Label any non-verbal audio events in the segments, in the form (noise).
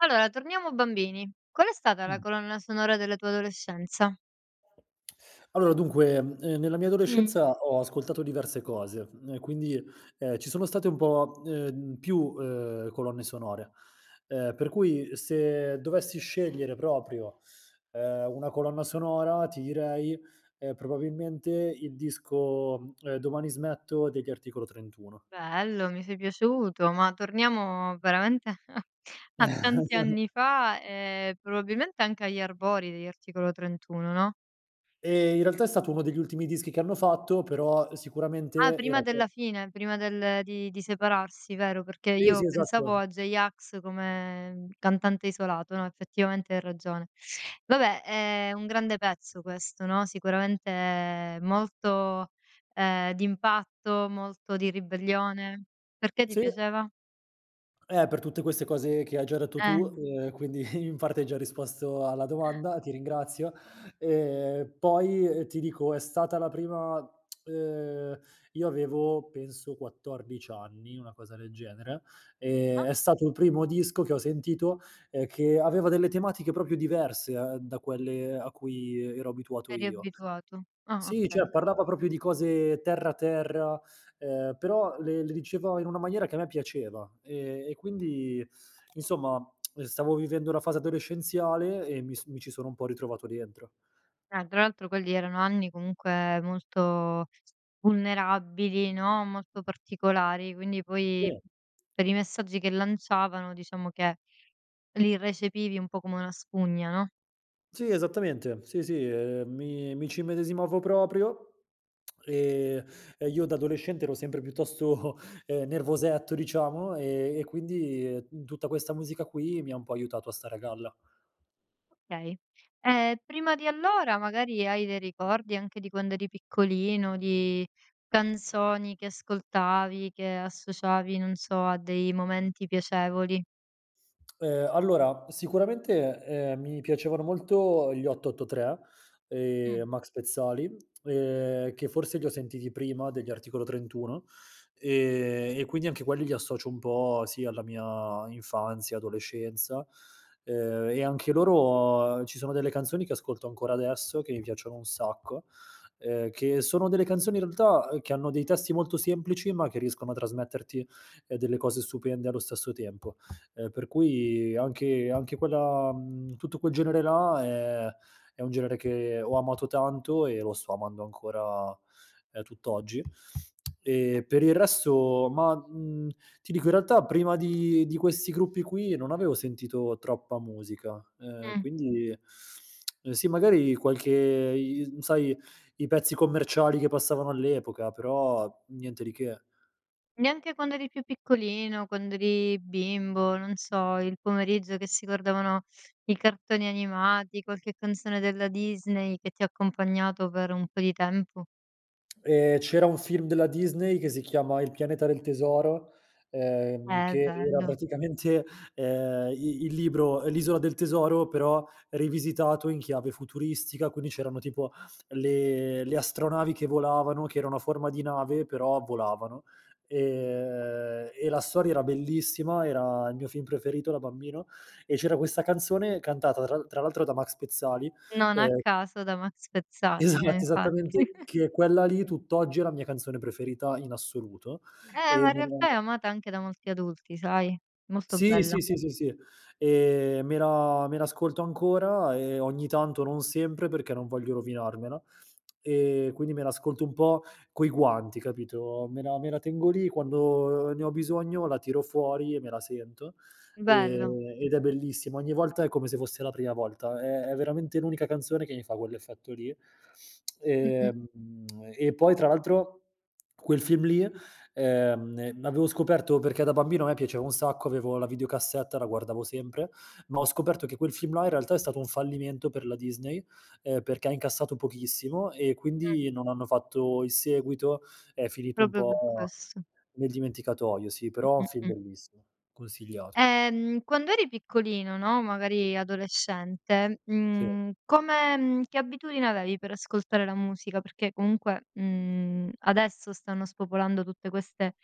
Allora, torniamo bambini. Qual è stata la Mh. colonna sonora della tua adolescenza? Allora, dunque, ehm, nella mia Mh-Mh. adolescenza ho ascoltato diverse cose, ehm, quindi, ehm, ci sono state un po', ehm, più, ehm, colonne sonore, ehm, per cui se dovessi scegliere proprio, ehm, una colonna sonora ti direi, ehm, probabilmente il disco, ehm, "Domani smetto" degli Articolo 31. Bello, mi sei piaciuto ma torniamo veramente (chuckles) a tanti (chuckles) anni fa e probabilmente anche agli albori degli Articolo 31, no? Ehm, in realtà è stato uno degli ultimi dischi che hanno fatto, però Ah, sicuramente era prima que della fine, prima del di di separarsi, vero? Perché Sì, io sì, esatto, pensavo eh. a J-Ax come cantante isolato, no, effettivamente hai ragione. (inhales) Vabbè è un grande pezzo questo, no, sicuramente molto, ehm, d'impatto, molto di ribellione. Perché ti Sì. piaceva? Eh, per tutte queste cose che hai già detto tu. Eh. Ehm, quindi in parte hai già risposto alla domanda, ti ringrazio; ehm, poi, ehm, ti dico è stata la prima (smacks lips) ehm, io avevo penso 14 anni, una cosa del genere, ehm, Ah. è stato il primo disco che ho sentito, ehm, che aveva delle tematiche proprio diverse, eh, da quelle a cui ero abituato Eri io. abituato. Ah, Sì, cioè, okay. parlava proprio di cose terra, terra, ehm, però le le diceva in una maniera che a me piaceva, e e quindi insomma, (smacks lips) stavo vivendo la fase adolescenziale e mi s mi ci sono un po' ritrovato dentro. Eh, tra l'altro quelli erano anni comunque molto vulnerabili, no, molto particolari, quindi poi Sì. per i messaggi che lanciavano, diciamo che li recepivi un po' come una spugna, no? Sì, esattamente, sì, sì, ehm, mi mi ci immedesimavo proprio, (smacks lips) e e io da adolescente ero sempre piuttosto, ehm, nervosetto diciamo, e e quindi tutta questa musica qui mi ha un po' aiutato a stare a galla. Okay. Ehm, prima di allora magari hai dei ricordi, anche di quando eri piccolino, di canzoni che ascoltavi che associavi, non so, a dei momenti piacevoli? Ehm, allora sicuramente, ehm, mi piacevano molto gli 883, ehm, Mh. Max Pezzali, ehm, che forse li ho sentiti prima degli Articolo 31, ehm, e quindi anche quelli li associo un po', sì alla mia infanzia, adolescenza; ehm, e anche loro ci sono delle canzoni che ascolto ancora adesso, che mi piacciono un sacco, ehm, che sono delle canzoni in realtà, uhm, che hanno dei testi molto semplici ma che riescono a trasmetterti, ehm, delle cose stupende allo stesso tempo; ehm, per cui anche anche quella mhmm, tutto quel genere là, è è un genere che ho amato tanto e lo sto amando ancora, ehm, tutt'oggi. (smacks lips) Ehm, per il resto ma, mhmm, ti dico, in realtà prima di di questi gruppi qui non avevo sentito troppa musica, ehm, Mh. quindi (sucks teeth) (smacks lips) sì, magari qualche i i mhmm, sai, i pezzi commerciali che passavano all'epoca, però niente di che. Neanche quando eri più piccolino, quando eri bimbo, non so, il pomeriggio che si guardavano i cartoni animati, qualche canzone della Disney che ti ha accompagnato per un po' di tempo? Ehm, c'era un film della Disney che si chiama "Il pianeta del tesoro", ehm, Eh che era bello. praticamente, ehm, i il libro "L'Isola del Tesoro", però rivisitato in chiave futuristica, quindi c'erano tipo le le astronavi che volavano, che erano a forma di nave però volavano, ehm, e la storia era bellissima, era il mio film preferito da bambino e c'era questa canzone, cantata tra l tra l'altro da Max Pezzali, Non a ehm caso da Max Pezzati, eh Esatto, infatti. esattamente, (chuckles) che quella lì tutt'oggi è la mia canzone preferita in assoluto; Eh e ma in nella realtà è la amata anche da molti adulti, sai? Molto Sì, bella. sì, sì, sì, sì, ehm, me la me l'ascolto ancora, ehm, ogni tanto, non sempre, perché non voglio rovinarmela; (smacks lips) ehm, quindi me l'ascolto un po' coi guanti, capito? Me la me la tengo lì, quando ne ho bisogno la tiro fuori e me la sento, Bello. ehm, ed è bellissima. Ogni volta è come se fosse la prima volta. È è veramente l'unica canzone che mi fa quell'effetto lì. (smacks lips) Mh-mh. Ehm, (smacks lips) e poi tra l'altro quel film lì, ehm ehm, avevo scoperto perché da bambino a me piaceva un sacco, avevo la videocassetta, la guardavo sempre, ma ho scoperto che quel film là in realtà è stato un fallimento per la Disney, ehm, perché ha incassato pochissimo e Mh. quindi non hanno fatto il seguito, è finito un Proprio per po' questo. nel dimenticatoio, sì; però è Mh, un mh, film mh. bellissimo, consigliato. Ehm, quando eri piccolino, no, magari adolescente, Sì. mhmm, come mhmm, che abitudine avevi per ascoltare la musica, perché comunque, mhmm, adesso stanno spopolando tutte queste,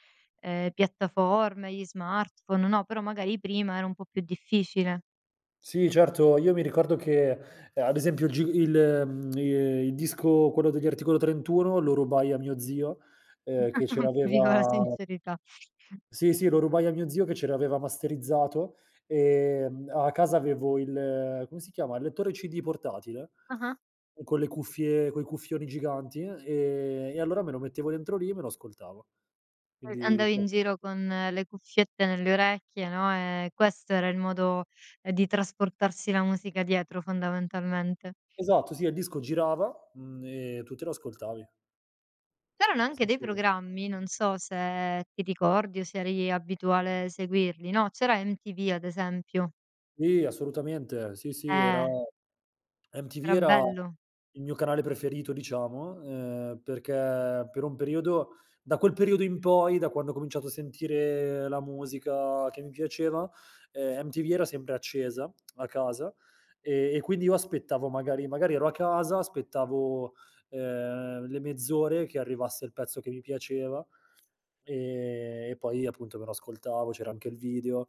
ehm, piattaforme, gli smartphone, no; però magari prima era un po' più difficile. Sì, certo io mi ricordo che, ehm, ad esempio il g il (smacks lips) ehm, il disco, quello degli Articolo 31, lo rubai a mio zio, ehm, che ce (chuckles) Viva la l'aveva sincerità. Sì, sì lo rubai a mio zio che ce l'aveva masterizzato. Ehm, a casa avevo il come si chiama? Il lettore CD portatile? Ah-ah. Con le cuffie coi cuffioni giganti, ehm, e allora me lo mettevo dentro lì e me lo ascoltavo. E Quindi andavi cos in giro con le cuffiette nelle orecchie, no, ehm, questo era il modo, ehm, di trasportarsi la musica dietro fondamentalmente. Esatto, sì, e il disco girava, mhmm, e tu te lo ascoltavi. C'erano anche Sì, dei sì, eh. programmi, non so se ti ricordi o se eri abituale seguirli, no: c'era MTV ad esempio. Sì, assolutamente sì, sì, era Eh. MTV Era era bello. il mio canale preferito diciamo, ehm, perché per un periodo da quel periodo in poi, da quando ho cominciato a sentire la musica che mi piaceva, ehm, MTV era sempre accesa (smacks lips) a casa, e e quindi io aspettavo magari magari ero a casa, aspettavo, ehm, le mezz'ore che arrivasse il pezzo che mi piaceva, ehm, e poi appunto me lo ascoltavo, c'era anche il video;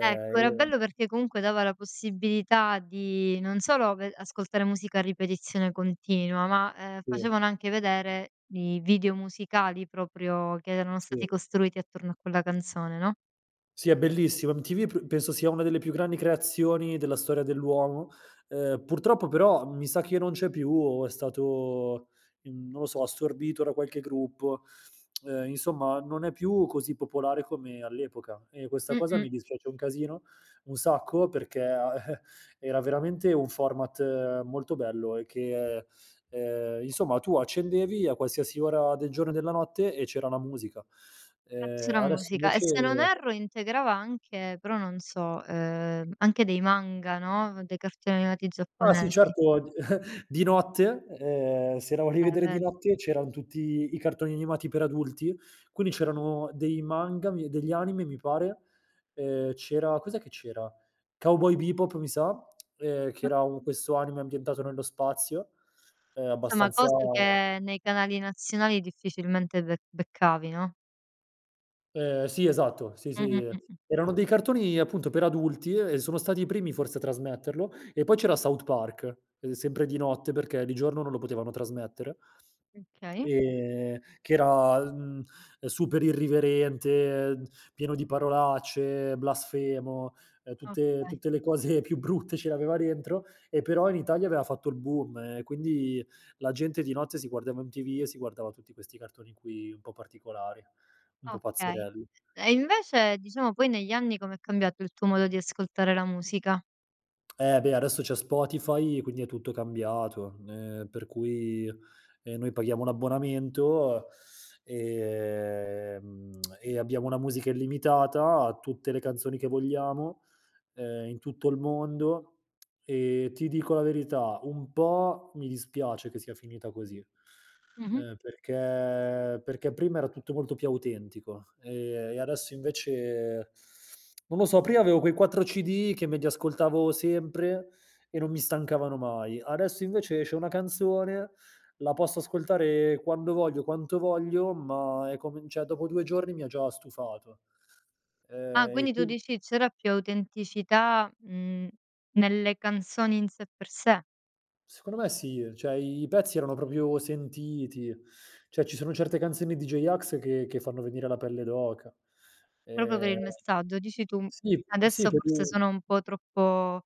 Ecco, era bello perché comunque dava la possibilità di, non solo ve ascoltare musica a ripetizione continua ma, ehm, Sì. facevano anche vedere i video musicali proprio, che erano Sì. stati costruiti attorno a quella canzone, no? Sì è bellissimo, MTV pr penso sia una delle più grandi creazioni della storia dell'uomo, ehm, purtroppo però mi sa che non c'è più o è stato, mhmm, non lo so, assorbito da qualche gruppo; (smacks lips) ehm, insomma non è più così popolare come all'epoca e questa cosa Mh-mh. mi dispiace un casino, un sacco perché a eh, era veramente un format molto bello e che, ehm, insomma tu accendevi a qualsiasi ora del giorno e della notte e c'era la musica. E Ehm, c'era adesso musica. E invece se non erro integrava anche però non so, ehm, anche dei manga, no, dei cartoni animati Ah sì, giapponesi. certo, di (chuckles) di notte, ehm, se la volevi Eh vedere di ved notte, c'eran tutti i cartoni animati per adulti, quindi c'erano dei manga mi degli anime mi pare, ehm, c'era cos'è che c'era? Cowboy Bebop mi sa, (smacks lips) ehm, che era un questo anime ambientato nello spazio, ehm, Somma, abbastanza cose che nei canali nazionali difficilmente bec beccavi, no? Ehm, sì esatto, sì, Mh-mh, sì. mh, mh. Erano dei cartoni appunto per adulti, e sono stati i primi forse a trasmetterlo, e poi c'era South Park, uhm, sempre di notte perché di giorno non lo potevano trasmettere. Okay. Ehm, che era, mhmm, super irriverente, pieno di parolacce, blasfemo, ehm, tutte Okay. tutte le cose più brutte ce le aveva dentro e però in Italia aveva fatto il boom, e quindi la gente di notte si guardava MTV e si guardava tutti questi cartoni qui, un po' particolari, un po' Okay. pazzerelli. E invece, diciamo poi negli anni com'è cambiato il tuo modo di ascoltare la musica? Eh beh, adesso c'è Spotify quindi è tutto cambiato, ehm, per cui, ehm, noi paghiamo un abbonamento, ehm, mhmm, (smacks lips) e abbiamo una musica illimitata a tutte le canzoni che vogliamo, ehm, in tutto il mondo; (smacks lips) ehm, ti dico la verità: un po' mi dispiace che sia finita così, Mh-mh. ehm, perché perché prima era tutto molto più autentico, ehm, e adesso invece (sucks teeth) (smacks lips) non lo so, prima avevo quei 4 CD, che me li ascoltavo sempre e non mi stancavano mai, adesso invece esce una canzone, la posso ascoltare quando voglio, quanto voglio, ma è come n cioè dopo 2 giorni mi ha già stufato. Ah, Ehm, e quindi tu quindi dici c'era più autenticità, mhmm, nelle canzoni, in sé per sé. Secondo me sì, ehm, cioè i pezzi erano proprio sentiti; cioè ci sono certe canzoni di J-Ax che che fanno venire la pelle d'oca. Proprio per Ehm il messaggio dici tu. sì, sì Adesso forse (unintelligible) sono un po' troppo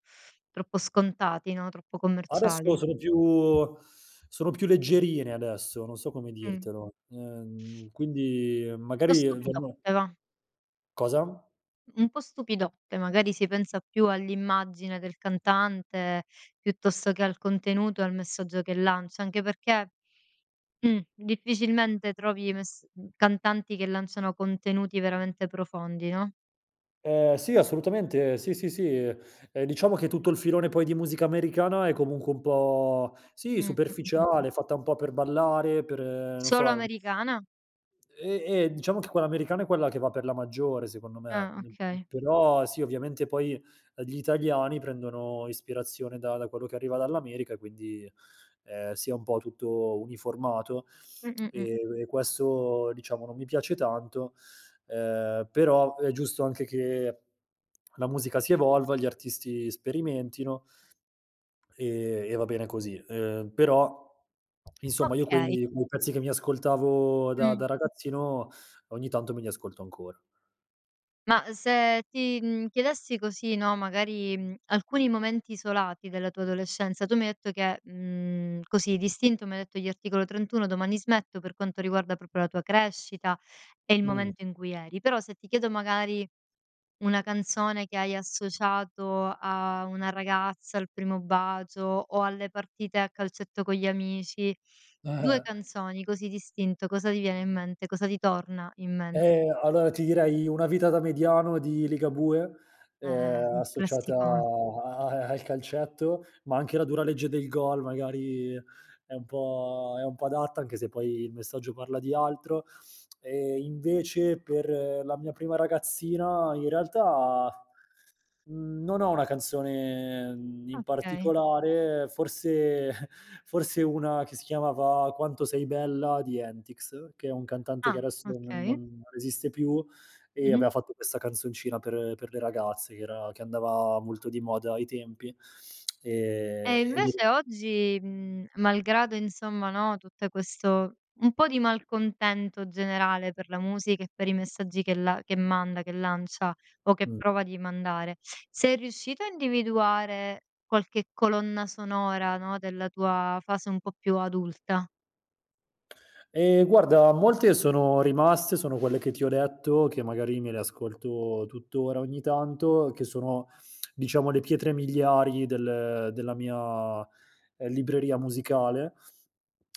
troppo scontati, no. Troppo Adesso commerciali. sono più (inhales) sono più leggerine adesso, non so come Mh. dirtelo, ehm, quindi Un pò magari vanno stupidotte, và. Cosa? Un po' stupidotte, magari si pensa più all'immagine del cantante, piuttosto che al contenuto e al messaggio che lancia; anche perché, mh, difficilmente trovi mes mhmm, cantanti che lanciano contenuti veramente profondi, no? Uhm, sì. Assolutamente. Sì, sì, sì. Uhm, e diciamo che tutto il filone, poi, di musica americana è comunque un po' sì, Mh, mh, mh, mh. superficiale, fatta un po' per ballare per non Solo so, americana? E e, diciamo che quella americana è quella che va per la maggiore, secondo me, Ah, mhmm, okay. però, sì, ovviamente, poi, di italiani prendono ispirazione da da quello che arriva dall'America, quindi, ehm, si é un po' tutto uniformato. Mh, mh, mh. E e questo, diciamo, non mi piace tanto, uhm, però, è giusto anche che la musica si evolva, gli artisti sperimentino e e va bene così. Uhm, però, insomma, io Okay. quei quei pezzi che mi ascoltavo da Mh. da ragazzino, ogni tanto me li ascolto ancora. Ma se ti, mhmm, chiedessi così, no, magari, mhmm, alcuni momenti isolati della tua adolescenza tu mi hai detto che mhmm, così d'istinto, mi hai detto gli Articolo 31 “Domani smetto“,per quanto riguarda proprio la tua crescita, e il Mh. momento in cui eri. Però, se ti chiedo, magari, una canzone che hai associato a una ragazza, al primo bacio, o alle partite a calcetto con gli amici, 2 (chuckles) canzoni così d'istinto, cosa ti viene in mente? Cosa ti torna in mente? Ehm, allora, ti direi “Una vita da mediano“ di Ligabue, Eh, uhm, un associata classicon a a al calcetto, ma anche “La dura legge del gol!“ magari, è un po' è un po' adatta, anche se, poi, il messaggio parla di altro. E, invece, per la mia prima ragazzina, in realtà, mhmm, non ho una canzone, mhmm, in Okay. particolare, forse (chuckles) forse una che si chiamava “Quanto 6 bella“ di Entics, che è un cantante che Ah, adesso non non okay. non esiste più, e Mh-mh. aveva fatto questa canzoncina per per le ragazze, che era che andava molto di moda ai tempi. (clicks tongue) Ehm, E, e ni invece oggi, mhmm, malgrado, insomma, no, tutte questo un po' di malcontento generale per la musica, e per i messaggi che la che manda, che lancia, o che Mh. prova di mandare, sei riuscito a individuare qualche colonna sonora, no, della tua fase un po' più adulta? E, guarda molte sono rimaste, sono quelle che ti ho detto, che magari me le ascolto tuttora ogni tanto, che sono, (clicks tongue) diciamo, le pietre miliari del della mia, uhm, libreria musicale.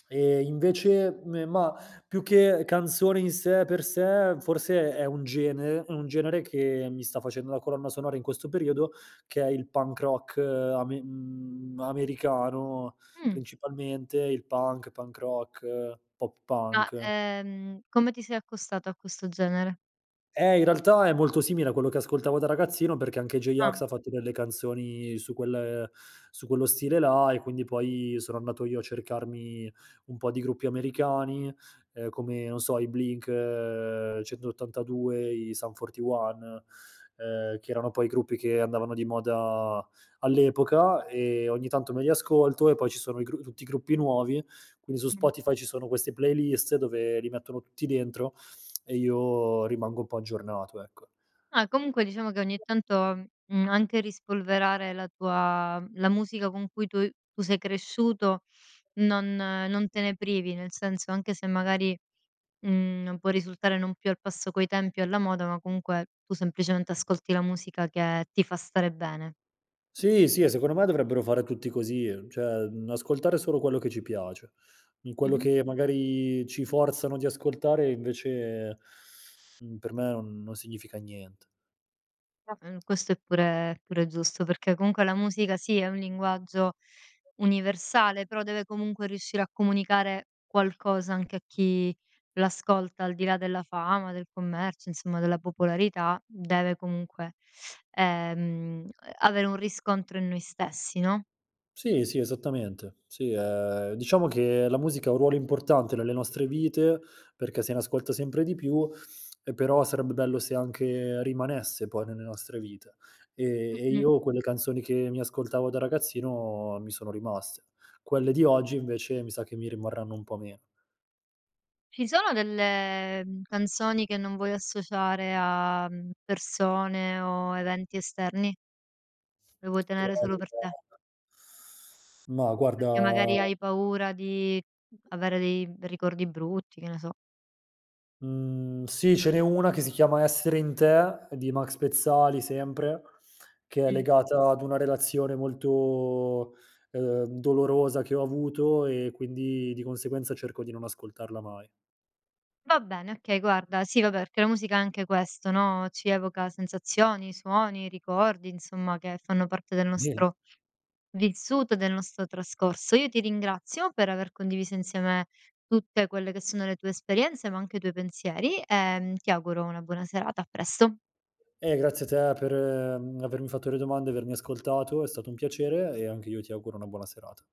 E, invece, me mah, più che canzone in sé e per sé, forse è un gene un genere che mi sta facendo da colonna sonora in questo periodo, che è il punk rock ame mhmm, americano, Mh. principalmente il punk, punk rock, pop Ma, punk. ehm, come ti sei accostato a questo genere? Eh, in realtà, è molto simile a quello che ascoltavo da ragazzino perché anche Ah. J-Ax ha fatto delle canzoni su quel su quello stile là, e quindi, poi, sono andato io a cercarmi un po' di gruppi americani, uhm, come, non so, i Blink-182, i Sum 41, ehm, che erano, poi, i gruppi che andavano di moda all'epoca, e ogni tanto me li ascolto. E, poi, ci sono i gru tutti i gruppi nuovi, quindi su Mh. Spotify ci sono queste playlist dove li mettono tutti dentro, e io rimango un po' aggiornato, ecco. Ah, comunque, diciamo, che ogni tanto, mhmm, anche rispolverare la tua mhmm, la musica con cui tu tu sei cresciuto, non non te ne privi, nel senso anche se, magari, mhmm, non può risultare non più al passo coi tempi e alla moda, ma comunque, tu semplicemente ascolti la musica che ti fa stare bene. Sì, sì, e secondo me, dovrebbero fare tutti così, cioè, mhmm, ascoltare solo quello che ci piace. In quello Mh-mh. che, magari, ci forzano di ascoltare, invece, mhmm, per me on non significa nient (unintelligible) Questo è pure pure giusto, perché, comunque, la musica, sì, è un linguaggio universale, però deve comunque riuscire a comunicare qualcosa anche a chi l'ascolta, al di là della fama, del commercio, insomma, della popolarità, deve comunque, ehm, avere un riscontro in noi stessi, no? Sì, sì, esattamente. Sì, ehm, diciamo che la musica ha un ruolo importante nelle nostre vite perché se ne ascolta sempre di più, e però sarebbe bello se anche rimanesse, poi, nelle nostre vite. Ehm, e Mh-mh. io quelle canzoni che mi ascoltavo da ragazzino mi sono rimaste quelle di oggi invece, mi sa che mi rimarranno un po' meno. Ci sono delle, mhmm, canzoni che non vuoi associare a, mhmm, persone o eventi esterni? Lo vuoi Okay, tenere solo (unintelligible) per te. ma, guarda Perché magari hai paura di avere dei, mhmm, ricordi brutti, che ne so? Mhmm, sì ce n'è una che si chiama “Essere in te“ di Max Pezzali sempre, che è Mh. legata ad una relazione molto, uhm, dolorosa che ho avuto, e quindi, di conseguenza cerco di non ascoltarla mai. Va bene, okay, guarda Sì, vabbè, perché la musica è anche questo, no, ci evoca sensazioni, suoni, ricordi, insomma, che fanno parte del (unintelligible) nostro vissuto, e del nostro trascorso. Io ti ringrazio per aver condiviso insieme tutte quelle che sono le tue esperienze, ma anche i tuoi pensieri, e, mhmm, ti auguro una buona serata. A presto. Eh, grazie a te per, mhmm, avermi fatto le domande, avermi ascoltato, è stato un piacere, e anche io ti auguro una buona serata.